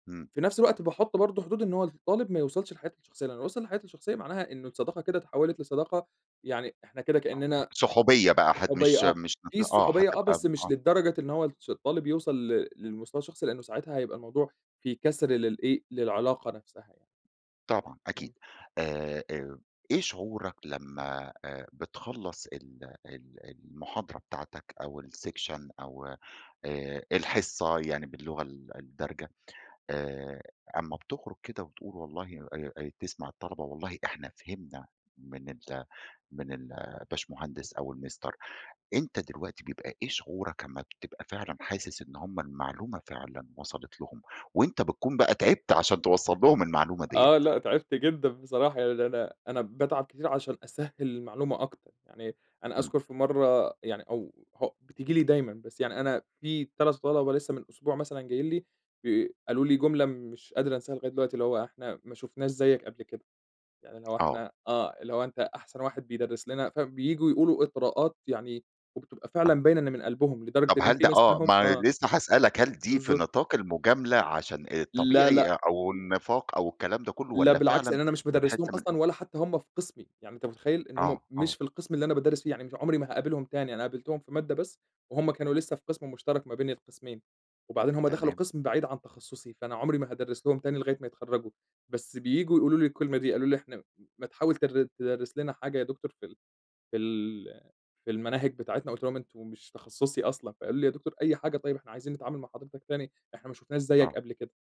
امم. في نفس الوقت باحط برضه حدود إن هو الطالب ما يوصلش لحياتي الشخصية، لإنه لو وصل لحياتي الشخصية معناها إنه الصداقة كده اتحوِّلت لصداقة يعني إحنا كده آه كإننا صحوبيّة بقى هت صحوبية مش آه، مش هت في آه الصحوبية آه هتبقى بس م مش آه. للدرجة إن هو الش الطالب يوصَل ل للمستوى الشخصي، لإنه ساعتها هيبقى الموضوع في كَسْر للإيه للعلاقة نفسها يعني. طبعًا آه. أكيد آآ آآ إيه شعورك لما آآ بتخلّص ال ال المحاضرة بتاعتك أو الsection أو آآ الحصة يعني باللغة ال الدارجة، آآ أما بتخرج كده وتقول والله آآ آآ تسمع الطلبة والله إحنا فهمنا من ال من الباشمهندس أو المستر أنتَ دلوقتي بيبقى إيه شعورك أما بتبقى فعلًا حاسس إن هم المعلومة فعلًا وصَلت لهم، وأنتَ بتكون بقى تعبت عشان توصَّل لهم المعلومة دِيّة؟ آه لأ تعبت جدًا بصراحة يعني أنا أنا باتعب كتير عشان أسهِّل المعلومة أكتر. يعني أنا امم. أذكر في مرّة يعني أو هو بتيجي لي دايمّا بس يعني أنا في 3 طَلَبة لسه من اسبوع مثلًا جايين لي ب قالوا لي جملة مش قادر أنساها لغاية دلوقتي اللي هو: "إحنا ما شُفناش زيك قبل كده."، يعني اللي هو آه. إحنا آه اللي هو أنتَ أحسن واحد بيدرِّس لنا، فبييجوا يقولوا إطراءات يعني وبتبقى آه. فعلًا باينة إن من قلبهم، لدرجة طب إن هل في ده ناس آه منهم ما آه لسه هاسألك، هل دي في بالضبط. نطاق المجاملة عشان لا الطبيعي لأ. أو النفاق أو الكلام ده كله؟ لا والّا بالعكس فعلًا لإن أنا مش بادرِّس بتحس لهم من أصلًا ولا حتى هم في قِسمي، يعني أنتَ متخيِّل؟ إن هم آه مش آه. في القِسم اللي أنا بادرِّس فيه يعني مش عمري ما هاقابلهم تاني، أنا قابلتهم في مادة بس وهم كانوا لسه في قِسم مشترك ما بين القِسمين. وبعدين هم دخلوا تمام. قِسم بعيد عن تخصصي، فأنا عمري ما هادرِّس لهم تاني لغاية ما يتخرجوا. بس بييجوا يقولوا لي الكلمة دي. قالوا لي: "إحنا م ما تحاول تر تدرِّس لنا حاجة يا دكتور في ال في ال في المناهج بتاعتنا."، قُلت لهم: "أنتم مش تخصصي أصلًا."؛ فقالوا لي: "يا دكتور أي حاجة طيب، إحنا عايزين نتعامل مع حضرتك تاني، إحنا ما شُفناش زيك آه. قبل كده.".